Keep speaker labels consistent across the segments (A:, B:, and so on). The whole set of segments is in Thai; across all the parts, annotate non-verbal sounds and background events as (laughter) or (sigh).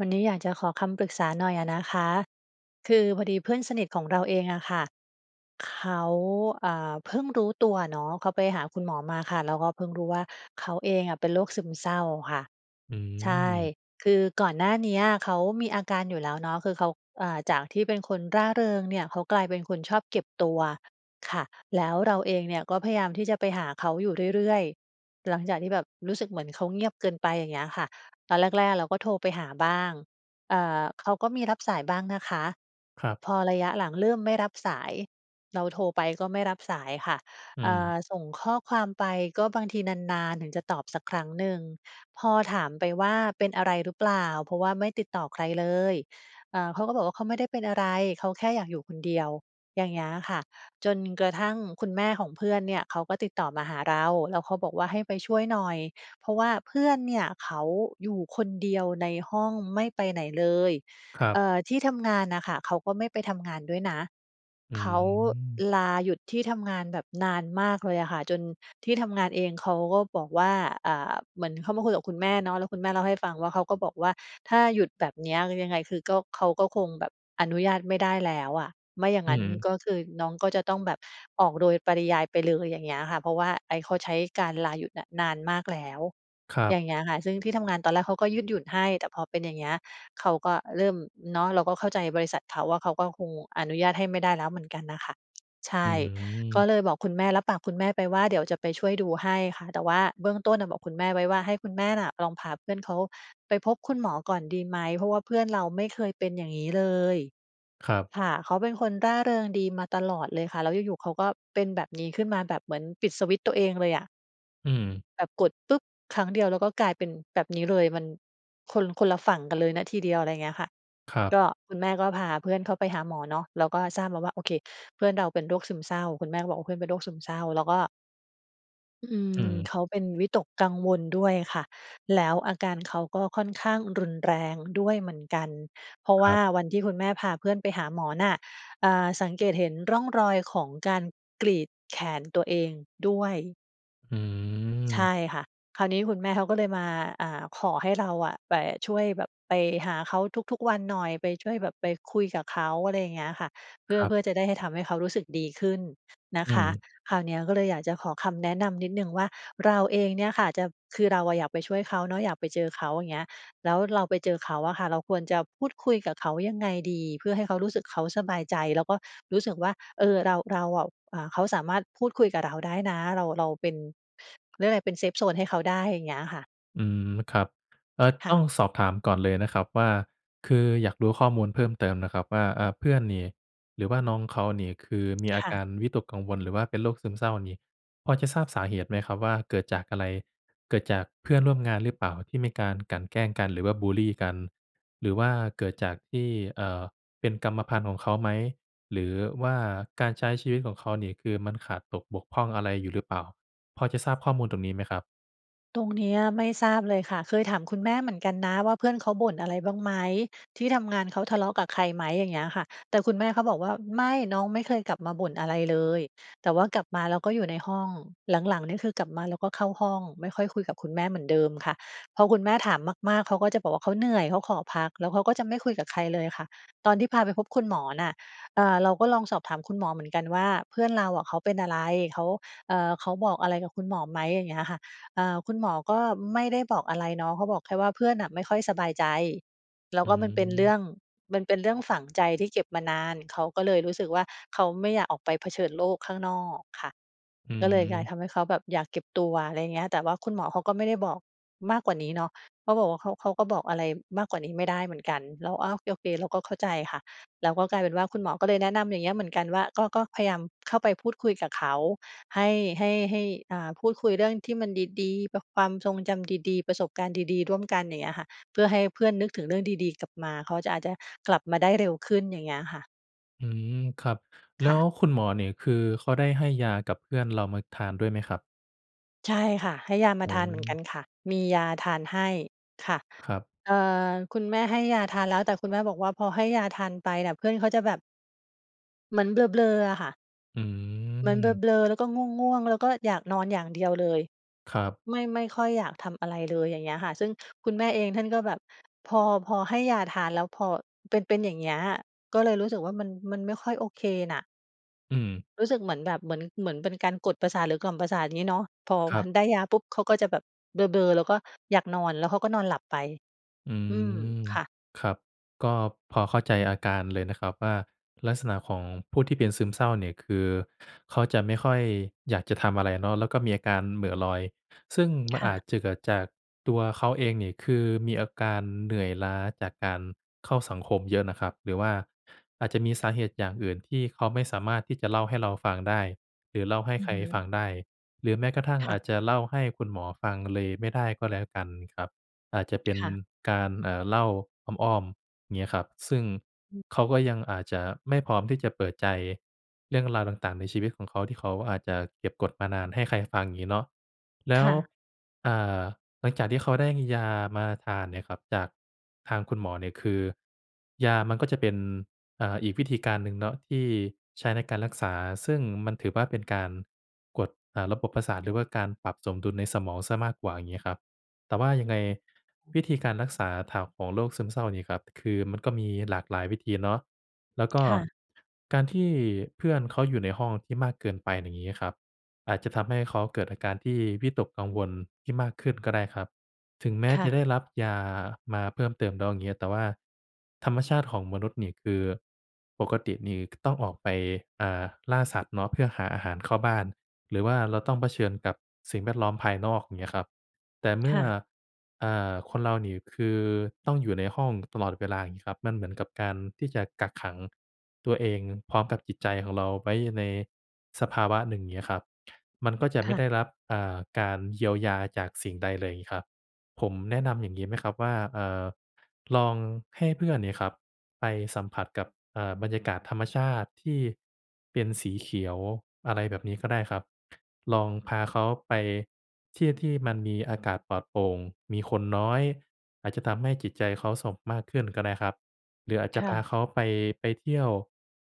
A: วันนี้อยากจะขอคำปรึกษาหน่อยอะนะคะ คือพอดีเพื่อนสนิทของเราเองอะค่ะ เขา อ่า เพิ่งรู้ตัวเนาะ เขาไปหาคุณหมอมาค่ะ แล้วก็เพิ่งรู้ว่า เขาเองอะเป็นโรคซึมเศร้าค่ะ
B: อื
A: ใช่
B: ม
A: คือก่อนหน้าเนี้ยเขามีอาการอยู่แล้วเนาะ คือเขา อ่า จากที่เป็นคนร่าเริงเนี่ย เขากลายเป็นคนชอบเก็บตัวค่ะ แล้วเราเองเนี่ยก็พยายามที่จะไปหาเขาอยู่เรื่อย ๆ หลังจากที่แบบรู้สึกเหมือนเขาเงียบเกินไป อย่างเงี้ยค่ะ ตอนแรก ๆ เราก็โทรไปหาบ้าง เอ่อ เขาก็มีรับสายบ้างนะคะ
B: ครับ
A: พอระยะหลังเริ่มไม่รับสาย เราโทรไปก็ไม่รับสายค่ะ
B: อื
A: อ่
B: ม
A: า ส่งข้อความไปก็บางทีนาน ๆ ถึงจะตอบสักครั้งหนึ่ง พอถามไปว่า "เป็นอะไรหรือเปล่า? เพราะว่าไม่ติดต่อใครเลย" อ่า เขาก็บอกว่า "เขาไม่ได้เป็นอะไร เขาแค่อยากอยู่คนเดียว" อย่างเงี้ยค่ะ จนกระทั่งคุณแม่ของเพื่อนเนี่ยเขาก็ติดต่อมาหาเรา แล้วเขาบอกว่า ให้ไปช่วยหน่อย เพราะว่าเพื่อนเนี่ยเขาอยู่คนเดียวในห้องไม่ไปไหนเลย
B: ครั
A: เ
B: บ
A: อ่อ ที่ทำงานน่ะค่ะ เขาก็ไม่ไปทำงานด้วยนะ
B: อื
A: เขา
B: ม
A: ลาหยุดที่ทำงานแบบนานมากเลยอะค่ะ จนที่ทำงานเองเขาก็บอกว่า อ่า เหมือนเขามาคุยกับคุณแม่เนาะ แล้วคุณแม่เล่าให้ฟังว่า เขาก็บอกว่า "ถ้าหยุดแบบเนี้ย ยังไงคือก็ เขาก็คงแบบอนุญาตไม่ได้แล้วอะ ไม่อย่าง
B: อื
A: นั
B: อ
A: ้น
B: ฮึ
A: ก็คือน้องก็จะต้องแบบออกโดยปริยายไปเลย" อย่างเงี้ยค่ะ "เพราะว่าไอซ์เขาใช้การลาหยุดเนี่ยนานมากแล้ว"
B: ครั
A: อย
B: บ
A: ่างเงี้ยค่ะ ซึ่งที่ทำงานตอนแรกเขาก็ยืดหยุ่นให้ แต่พอเป็นอย่างเงี้ย เขาก็เริ่ม เนาะ เราก็เข้าใจบริษัทเขาว่า เขาก็คงอนุญาตให้ไม่ได้แล้วเหมือนกันน่ะค่ะ ใช
B: อื
A: ่ ก็
B: ม
A: เลยบอกคุณแม่ รับปากคุณแม่ไปว่า "เดี๋ยวจะไปช่วยดูให้ค่ะ" แต่ว่าเบื้องต้นน่ะบอกคุณแม่ไว้ว่า "ให้คุณแม่น่ะลองพาเพื่อนเขาไปพบคุณหมอก่อนดีไหม? เพราะว่าเพื่อนเราไม่เคยเป็นอย่างงี้เลย"
B: ครับ
A: ค่ะ เขาเป็นคนร่าเริงดีมาตลอดเลยค่ะ แล้วอยู่ ๆ เขาก็เป็นแบบนี้ขึ้นมา แบบเหมือนปิดสวิตช์ตัวเองเลยอะ
B: อืม
A: แบบกดปุ๊บ ครั้งเดียว แล้วก็กลายเป็นแบบนี้เลย มัน คน คนละฝั่งกันเลยนะทีเดียว อะไรเงี้ยค่ะ
B: ครั
A: ก
B: บ
A: ็ คุณแม่ก็พาเพื่อนเข้าไปหาหมอเนาะ แล้วก็ทราบมาว่า โอเค เพื่อนเราเป็นโรคซึมเศร้า คุณแม่ก็บอก ว่า "เพื่อนเป็นโรคซึมเศร้า" แล้วก็ อื
B: อื
A: ม
B: ม
A: เขาเป็นวิตกกังวลด้วยค่ะ แล้วอาการเขาก็ค่อนข้างรุนแรงด้วยเหมือนกัน เพราะ
B: ค
A: ว
B: ร
A: ่
B: ั
A: า
B: บ
A: วันที่คุณแม่พาเพื่อนไปหาหมอน่ะ อ่า สังเกตเห็นร่องรอยของการ กรีดแขนตัวเองด้วย
B: อ
A: ใช
B: ืม
A: ่ค่ะ คราวนี้คุณแม่เขาก็เลยมา อ่า ขอให้เรา อะไปช่วย แบบไปหาเขาทุก ๆ วันหน่อย ไปช่วยแบบไปคุยกับเขา อะไรอย่างเงี้ยค่ะ เพื
B: ค
A: ่อ
B: รั
A: เ
B: บ
A: พื่อจะได้ให้ทำให้เขารู้สึกดีขึ้นนะ
B: อื
A: คะ
B: ม
A: คราวเนี้ยก็เลยอยากจะขอคำแนะนำนิดหนึ่งว่า เราเองเนี่ยค่ะจะ คือเราอะอยากไปช่วยเขาเนาะ อยาก ไปเจอเขา อย่างเงี้ย แล้วเราไปเจอเขาอะค่ะ เราควรจะพูดคุยกับเขายังไงดี เพื่อให้เขารู้สึกเขาสบายใจ? แล้วก็รู้สึกว่า เออ เรา เราอะ อ่า เขาสามารถพูดคุยกับเราได้นะ เรา เราเป็น เขาเรียกว่าไร เป็นเซฟโซนให้เขาได้ อย่างเงี้ยค่ะ
B: อืม ครับ เออ
A: ค่
B: ต้
A: ะ
B: องสอบถามก่อนเลยนะครับว่า คืออยากรู้ข้อมูลเพิ่มเติมนะครับว่า อ่า เพื่อนนี่หรือว่าน้องเขานี่ คือมี
A: ค
B: อา
A: ่
B: ก
A: ะ
B: ารวิตกกังวลหรือว่าเป็นโรคซึมเศร้านี่ พอจะทราบสาเหตุไหมครับว่าเกิดจากอะไร? เกิดจากเพื่อนร่วมงานหรือเปล่า ที่มีการกลั่นแกล้งกันหรือว่าบุลลีกัน? หรือว่าเกิดจากที่ เอ่อ เป็นกรรมพันธุ์ของเขาไหม หรือว่าการใช้ชีวิตของเขา นี่คือมันขาดตกบกพร่องอะไรอยู่หรือเปล่า พอจะทราบข้อมูลตรงนี้ไหมครับ?
A: ตรงเนี้ยไม่ทราบเลยค่ะ เคยถามคุณแม่เหมือนกันนะว่า เพื่อนเขาบ่นอะไรบ้างไหม? ที่ทำงานเขาทะเลาะกับใครไหม? อย่างเงี้ยค่ะ แต่คุณแม่เขาบอกว่า "ไม่ น้องไม่เคยกลับมาบ่นอะไรเลย แต่ว่ากลับมาแล้วก็อยู่ในห้อง" หลัง ๆ นี่คือกลับมาแล้วก็เข้าห้อง ไม่ค่อยคุยกับคุณแม่เหมือนเดิมค่ะ พอคุณแม่ถามมาก ๆ เขาก็จะบอกว่า เขาเหนื่อย เขาขอพัก แล้วเขาก็จะไม่คุยกับใครเลยค่ะ ตอนที่พาไปพบคุณหมอน่ะ อ่า เราก็ลองสอบถามคุณหมอเหมือนกันว่า "เพื่อนเราอะเขาเป็นอะไร? เขา เออ เขาบอกอะไรกับคุณหมอไหม?" อย่างเงี้ยค่ะ อ่า คุณหมอก็ไม่ได้บอกอะไรเนาะ เขาบอกแค่ว่า เพื่อนน่ะไม่ค่อยสบายใจ แล้ว
B: อื
A: ก็มันเป็นเรื่
B: ม
A: อง มันเป็นเรื่องฝังใจที่เก็บมานาน เขาก็เลยรู้สึกว่า เขาไม่อยากออกไปเผชิญโลกข้างนอกค่ะ
B: อื
A: ก็เลยกลาย
B: ม
A: ทำให้เขาแบบอยากเก็บตัว อะไรอย่างเงี้ย แต่ว่าคุณหมอเขาก็ไม่ได้บอกมากกว่านี้เนาะ เขาบอกว่า เขา เขาก็บอกอะไรมากกว่านี้ไม่ได้เหมือนกัน แล้ว อ้าว! โอเค เราก็เข้าใจค่ะ แล้วก็กลายเป็นว่า คุณหมอก็เลยแนะนำอย่างเงี้ยเหมือนกันว่า ก็- ก็พยายามเข้าไปพูดคุยกับเขา ให้ ให้ ให้ อ่า พูดคุยเรื่องที่มันดี ๆ ป ความทรงจำดี ๆ ประสบการณ์ดี ๆ ร่วมกัน อย่างเงี้ยค่ะ เพื่อให้เพื่อนนึกถึงเรื่องดี ๆ กลับมา เขาจะ อาจจะกลับมาได้เร็วขึ้น อย่างเงี้ยค่ะ
B: อืม ครับ แล
A: ค
B: ้
A: ่ะ
B: วคุณหมอเนี่ย คือเขาได้ให้ยากับเพื่อนเรามาทานด้วยไหมครับ?
A: ใช่ค่ะ ให้ยาม
B: อ
A: า
B: ื
A: ทานเหมือนกั
B: ม
A: นค่ะ มียาทานให้ ค่ะ
B: ครับ
A: เอ่อ คุณแม่ให้ยาทานแล้ว แต่คุณแม่บอกว่าพอให้ยาทานไปน่ะ เพื่อนเขาจะแบบ เหมือนเบลอร์ ๆ อะค่ะ
B: อื
A: เหมือนเ
B: ม
A: บลอร์ ๆ แล้วก็ง่วง ๆ แล้วก็อยากนอนอย่างเดียวเลย
B: ครับ
A: ไม่ ไม่ค่อยอยากทำอะไรเลย อย่างเงี้ยค่ะ ซึ่งคุณแม่เองท่านก็แบบ พอ พอให้ยาทานแล้ว พอเป็น เป็นอย่างเงี้ย ก็เลยรู้สึกว่ามัน มันไม่ค่อยโอเคน่ะ
B: อืม
A: รู้สึกเหมือนแบบ เหมือน เหมือนเป็นการกดประสาทหรือกล่อมประสาทงี้เนาะ พอ
B: คร
A: พ
B: ั
A: ั
B: บ
A: นได้ยาปุ๊บ เขาก็จะแบบเบลอร์ ๆ แล้วก็อยากนอน แล้วเขาก็นอนหลับไป
B: อื
A: อืม
B: ม
A: ค่ะ
B: ครับ ก็พอเข้าใจอาการเลยนะครับว่า ลักษณะของผู้ที่เป็นซึมเศร้าเนี่ยคือ เขาจะไม่ค่อยอยากจะทำอะไรเนาะ แล้วก็มีอาการเหม่อลอย ซึ่งม
A: ค
B: ัน
A: ่
B: อ
A: ะ
B: าจจะเกิดจากตัวเขาเองนี่ คือมีอาการเหนื่อยล้าจากการเข้าสังคมเยอะน่ะครับ หรือว่าอาจจะมีสาเหตุอย่างอื่นที่เขาไม่สามารถที่จะเล่าให้เราฟังได้ หรือเล่าให้
A: อื
B: ใ
A: อ
B: คร
A: ฮ
B: ฟ
A: ึ
B: ังได้ หรือแม้กระทั่ง
A: ค
B: อ
A: ่ะ
B: าจจะเล่าให้คุณหมอฟังเลยไม่ได้ก็แล้วกันครับ อาจจะเป็น
A: ค่ะ
B: การ เอ่อ เล่าอ้อม ๆ เงี้ยครับ ซึ่ง
A: อือ
B: เขาก็ยังอาจจะไม่พร้อมที่จะเปิดใจเรื่องราวต่าง ๆ ในชีวิตของเขาที่เขาอาจจะเก็บกดมานานให้ใครฟังงี้เนาะ แล
A: ค
B: ้ว
A: ่ะ
B: อ่า หลังจากที่เขาได้มียามาทานเนี่ยครับจากทางคุณหมอเนี่ย คือยามันก็จะเป็น อ่า อีกวิธีการหนึ่งเนาะที่ใช้ในการรักษา ซึ่งมันถือว่าเป็นการกด อ่า ระบบประสาท หรือว่าการปรับสมดุลในสมองเสียมากกว่า อย่างงี้ครับ แต่ว่ายังไง
A: (unintelligible)
B: วิธีการรักษา (unintelligible) ของโรคซึมเศร้านี่ครับ คือมันก็มีหลากหลายวิธีเนาะ แล้วก็
A: ค่ะ
B: การที่เพื่อนเขาอยู่ในห้องที่มากเกินไปน่ะงี้ครับ อาจจะทำให้เขาเกิดอาการที่วิตกกังวลที่มากขึ้นก็ได้ครับ ถึงแม้
A: ค่
B: จะ
A: ะ
B: ได้รับยามาเพิ่มเติมแล้วเงี้ย แต่ว่าธรรมชาติของมนุษย์เนี่ย คือปกตินี่ ค ต้องออกไป อ่า ล่าสัตว์เนาะ เพื่อหาอาหารเข้าบ้าน หรือว่าเราต้องเผชิญกับสิ่งแวดล้อมภายนอก อย่างเงี้ยครับ แต่เม
A: ค
B: ื่
A: ่
B: อ
A: ะ
B: อ่า คนเราเนี่ย คือต้องอยู่ในห้องตลอดเวลา อย่างงี้ครับ มันเหมือนกับการที่จะกักขังตัวเองพร้อมกับจิตใจของเราไว้ในสภาวะหนึ่งเงี้ยครับ มันก็จะ
A: ค
B: ไม
A: ่
B: ่ได
A: ะ
B: ้รับ อ่า การเยียวยาจากสิ่งใดเลยงี้ครับ ผมแนะนำอย่างงี้ไหมครับว่า อ่า ลองให้เพื่อนเนี่ยครับ ไปสัมผัสกับ อ่า บรรยากาศธรรมชาติที่เป็นสีเขียว อะไรแบบนี้ก็ได้ครับ ลองพาเขาไปที่ที่มันมีอากาศปลอดโปร่ง มีคนน้อย อาจจะทำให้จิตใจเขาสบมากขึ้นก็ได้ครับ หรืออาจจ
A: ค
B: ะ
A: ่
B: พ
A: ะ
B: าเขาไป ไปเที่ยว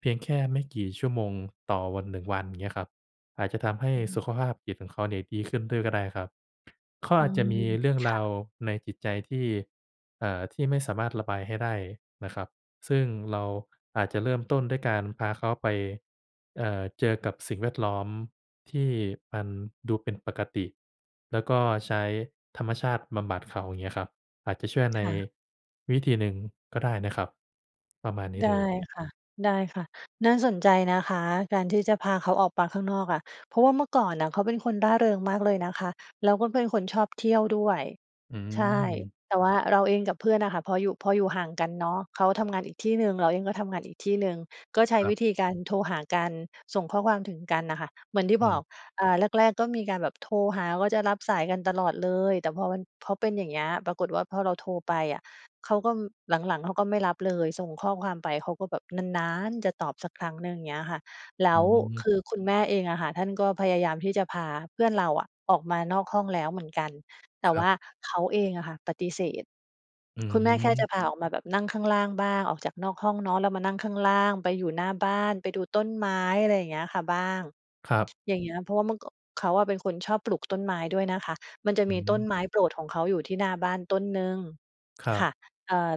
B: เพียงแค่ไม่กี่ชั่วโมงต่อวัน 1 วัน เงี้ยครับ อาจจะทำให้
A: อือฮึ
B: สุขภาพจิตของเขาเนี่ยดีขึ้นด้วยก็ได้ครับ เขา
A: อื
B: อาจจะ
A: ม
B: มีเรื่อง
A: ค
B: ร
A: ่
B: า
A: ะ
B: วในจิตใจที่ เอ่อ ที่ไม่สามารถระบายให้ได้นะครับ ซึ่งเราอาจจะเริ่มต้นด้วยการพาเขาไป เอ่อ เจอกับสิ่งแวดล้อมที่มันดูเป็นปกติ แล้วก็ใช้ธรรมชาติบำบัดเขา เงี้ยครับ อาจจะช่วย
A: ค
B: ใน
A: ่ะ
B: วิธีหนึ่งก็ได้นะครับ ประมาณนี้
A: ได้
B: เลย
A: ค่ะ ได้ค่ะ น่าสนใจนะคะ การที่จะพาเขาออกปาข้างนอกอะ เพราะว่าเมื่อก่อนน่ะเขาเป็นคนร่าเริงมากเลยนะคะ แล้วก็เป็นคนชอบเที่ยวด้วย
B: อื
A: ใช่
B: ม
A: แต่ว่าเราเองกับเพื่อนน่ะค่ะ พออยู่ พออยู่ห่างกันเนาะ เขาทำงานอีกที่หนึ่ง เราเองก็ทำงานอีกที่หนึ่ง ก็ใช
B: ค
A: ้
B: รั
A: ว
B: บ
A: ิธีการโทรหากัน ส่งข้อความถึงกันน่ะค่ะ เหมือนที่
B: อื
A: บอก
B: ม
A: อ่า แรก ๆ ก็มีการแบบโทรหา ก็จะรับสายกันตลอดเลย แต่พอมัน พอเป็นอย่างเงี้ย ปรากฏว่าพอเราโทรไปอะ เขาก้อม หลัง ๆ เขาก็ไม่รับเลย ส่งข้อความไปเขาก็แบบนาน ๆ จะตอบสักครั้งหนึ่ง เงี้ยค่ะ แล
B: อ
A: ้ว
B: ืม
A: คือคุณแม่เองอะค่ะ ท่านก็พยายามที่จะพาเพื่อนเราอะออกมานอกห้องแล้วเหมือนกัน แต
B: ค
A: ่
B: ร
A: ว
B: ับ
A: ่าเขาเองอะค่ะปฏิเสธ
B: อื
A: คุณแม่แค่จะ
B: ม
A: พาออกมาแบบนั่งข้างล่างบ้าง ออกจากนอกห้องเนาะ แล้วมานั่งข้างล่าง ไปอยู่หน้าบ้าน ไปดูต้นไม้ อะไรเงี้ยค่ะบ้าง
B: ครับ
A: อย่างเงี้ย เพราะว่าเมื่อก่อ เขาอะเป็นคนชอบปลูกต้นไม้ด้วยนะ คะ มันจะ
B: อ
A: ม
B: ื
A: ี
B: อฮ
A: ต้
B: ึ
A: นไม้โปรดของเขาอยู่ที่หน้าบ้านต้นหนึ่ง
B: ครั
A: ค
B: บ
A: ่ะ เอ่อ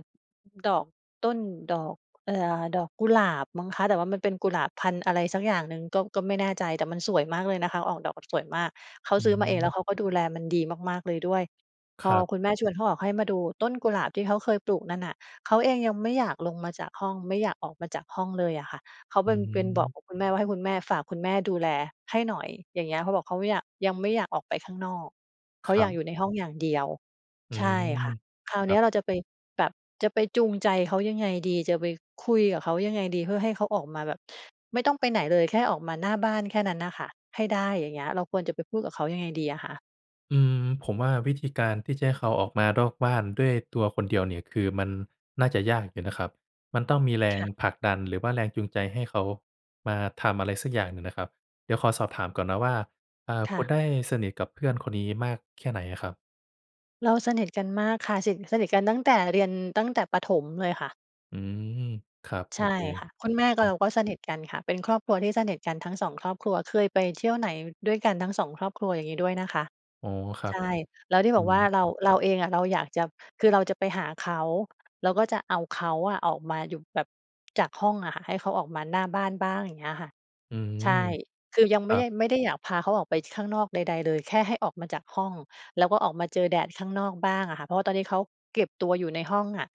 A: ดอก ต้นดอก เอ่อ ดอกกุหลาบมั้งคะ แต่ว่ามันเป็นกุหลาบพันธุ์ อะไรสักอย่างหนึ่ง ก็ ก็ไม่แน่ใจ แต่มันสวยมากเลย นะคะ ออกดอกแบบสวยมาก เขา
B: อื
A: ซื้อมาเอง แล้ว
B: ม
A: เขาก็ดูแลมันดีมาก ๆ เลยด้วย
B: ค
A: พอ
B: รับ
A: คุณแม่ชวน เขาออกให้มาดูต้นกุหลาบที่เขาเคยปลูกนั่นน่ะ เขาเองยังไม่อยากลงมาจากห้อง ไม่อยาก ออกมาจากห้องเลยอะค่ะ เขา
B: อ
A: เป
B: ื
A: ็น เป็น บอก
B: ม
A: กับคุณแม่ว่า "ให้คุณแม่ ฝากคุณแม่ดูแลให้หน่อย" อย่างเงี้ย เขาบอกเขาไม่อยาก "ยังไม่อยากออกไปข้างนอก" เข
B: ค
A: า
B: ร
A: อ
B: ั
A: ยาก
B: บ
A: อยู่ในห้อง อย่างเดียว
B: อื
A: ใช่
B: ม
A: ค่ะ คราว
B: ค
A: เ
B: ร
A: น
B: ั
A: ี
B: บ
A: ้ยเราจะไป แบบจะไปจูงใจเขายังไงดี? จะไปคุยกับเขายังไงดี? เพื่อให้เขาออกมาแบบ ไม่ต้องไปไหนเลย แค่ออกมาหน้าบ้านแค่นั้นน่ะค่ะ ให้ได้ อย่างเงี้ย เราควรจะไปพูดกับเขายังไงดีอะคะ?
B: อืม ผมว่าวิธีการที่จะให้เขาออกมานอกบ้านด้วยตัวคนเดียวเนี่ย คือมันน่าจะยากอยู่นะครับ มันต้องมีแร
A: ค
B: ง
A: ่ะ
B: ผลักดัน หรือว่าแรงจูงใจให้เขามาทำอะไรสักอย่างหนึ่งน่ะครับ เดี๋ยวขอสอบถามก่อนนะว่า อ่า
A: ค
B: ค
A: ่
B: ุณ
A: ะ
B: ได้สนิทกับเพื่อนคนนี้มากแค่ไหนอะครับ?
A: เราสนิทกันมากค่ะ สิท สนิทกันตั้งแต่เรียน ตั้งแต่ประถมเลยค่ะ
B: อืม ครับ
A: ใ
B: โ
A: ช
B: อ
A: ่
B: เค
A: ค่ะ คุณแม่
B: ค
A: กั
B: รั
A: บเรา
B: บ
A: ก็สนิทกันค่ะ เป็นครอบครัวที่สนิทกันทั้ง 2 ครอบครัว เคยไปเที่ยวไหนด้วยกันทั้ง 2 ครอบครัว อย่างงี้ด้วยนะคะ
B: อ๋อ ครั
A: ใช
B: บ
A: ่ แล้วที่
B: อื
A: บอกว่า
B: อ
A: เรา เราเองอะ เราอยากจะ คือเราจะไปหาเขา แล้วก็จะเอาเขาอะออกมาอยู่แบบ จากห้องอะค่ะ ให้เขาออกมาหน้าบ้านบ้าง อย่างเงี้ยค่ะ
B: อื
A: ใช
B: ม
A: ่ คือยัง
B: ค
A: ไม
B: ร
A: ่
B: ั
A: ได้
B: บ
A: ไม่ได้อยากพาเขาออกไปที่ข้างนอกใด ๆ เลย แค่ให้ออกมาจากห้อง แล้วก็ออกมาเจอแดดข้างนอกบ้างอะค่ะ เพราะว่าตอนนี้เขาเก็บตัวอยู่ในห้องอะ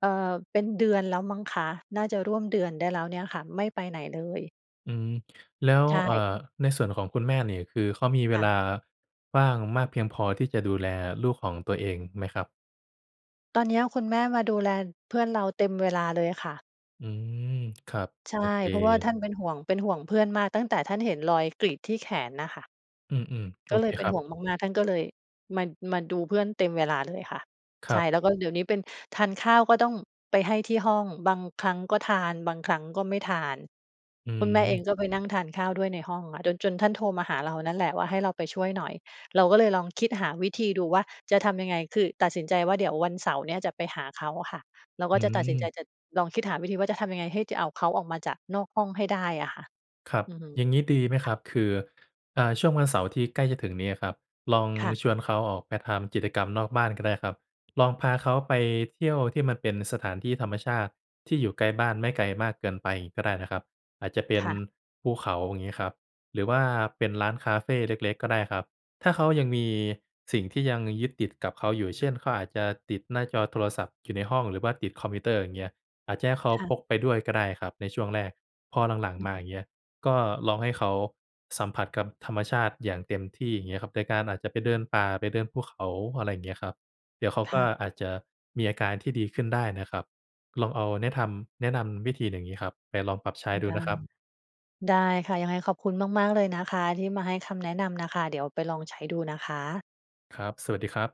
A: เออ เป็นเดือนแล้วมั้งคะ น่าจะร่วมเดือนได้แล้วเนี่ยค่ะ ไม่ไปไหนเลย
B: อืม แล้ว
A: ใช
B: เอ่อ
A: ่
B: ในส่วนของคุณแม่นี่ คือเขามีเว
A: ค่
B: ลา
A: ะ
B: ว่างมากเพียงพอที่จะดูแลลูกของตัวเองไหมครับ?
A: ตอนเนี้ยคุณแม่มาดูแล เพื่อนเราเต็มเวลาเลยค่ะ
B: อืม ครับ
A: ใช
B: โ
A: ่
B: อเค
A: เพราะว่าท่านเป็นห่วง เป็นห่วงเพื่อนมาก ตั้งแต่ท่านเห็นรอยกรีดที่แขนน่ะค่ะ
B: อืม ๆ โ
A: ก
B: อ
A: ็เ
B: เ
A: ล
B: ค
A: ยเป็
B: ค
A: น
B: รั
A: ห
B: บ
A: ่วงมาก ๆ ท่านก็เลยมา มาดูเพื่อนเต็มเวลาเลยค่ะ
B: ค
A: ใ
B: ร
A: ช
B: ับ
A: ่ แล้วก็เดี๋ยวนี้เป็น ทานข้าวก็ต้องไปให้ที่ห้อง บางครั้งก็ทาน บางครั้งก็ไม่ทาน
B: อื
A: คุณแม่เอ
B: ม
A: งก็ไปนั่งทานข้าวด้วยในห้องอะ จน จนท่านโทรมาหาเรานั่นแหละ ว่าให้เราไปช่วยหน่อย เราก็เลยลองคิดหาวิธีดูว่าจะทำยังไง คือตัดสินใจว่าเดี๋ยววันเสาร์เนี้ยจะไปหาเขาอะค่ะ เรา
B: อ
A: ก็
B: ื
A: จะตัดสินใจ
B: ม
A: จะ จะลองคิดหาวิธีว่าจะทำยังไง ให้จะเอาเขาออกมาจากนอกห้องให้ได้อะค่ะ
B: ครับ
A: อือฮึ
B: อย่างงี้ดีไหม
A: ค
B: ค
A: ่
B: ร
A: ะ
B: ับ คือ อ่า ช่วงวันเสาร์ที่ใกล้จะถึงนี้ครับ ลอง
A: ค่ะ
B: ชวนเขาออกไปทำกิจกรรมนอกบ้านก็ได้ครับ ลองพาเขาไปเที่ยวที่มันเป็นสถานที่ธรรมชาติที่อยู่ใกล้บ้าน ไม่ไกลมากเกินไป งี้ก็ได้นะครับ อาจจะเป็
A: ค
B: น
A: ่ะ
B: ภูเขาอย่างงี้ครับ หรือว่าเป็นร้านคาเฟเล็ก ๆ ก็ได้ครับ ถ้าเขายังมีสิ่งที่ยังยึดติดกับเขาอยู่ เช่น เขาอาจจะติดหน้าจอโทรศัพท์อยู่ในห้อง หรือว่าติดคอมพิวเตอร์อย่างเงี้ย อาจจะให้เขา
A: ค่ะ
B: พกไปด้วยก็ได้ครับในช่วงแรก พอหลัง
A: อื
B: ๆ ม
A: อ
B: า
A: ฮ
B: อ
A: ึ
B: ย่างเงี้ย ก็ลองให้เขาสัมผัสกับธรรมชาติอย่างเต็มที่เงี้ยครับ โดยการอาจจะไปเดินป่า ไปเดินภูเขา อะไรเงี้ยครับ เดี๋ยวเขา
A: ค
B: ก
A: ่
B: ็
A: ะ
B: อาจจะมีอาการที่ดีขึ้นได้นะครับ ลองเอาแนะทำ แนะนำวิธีอย่างงี้ครับไปลองปรับใช้ดู
A: ได
B: น
A: ้
B: ะครับ
A: ได้ค่ะ ยังไงขอบคุณมาก ๆ เลยนะคะที่มาให้คำแนะนำน่ะค่ะ เดี๋ยวไปลองใช้ดูนะคะ
B: ครับ สวัสดีครับ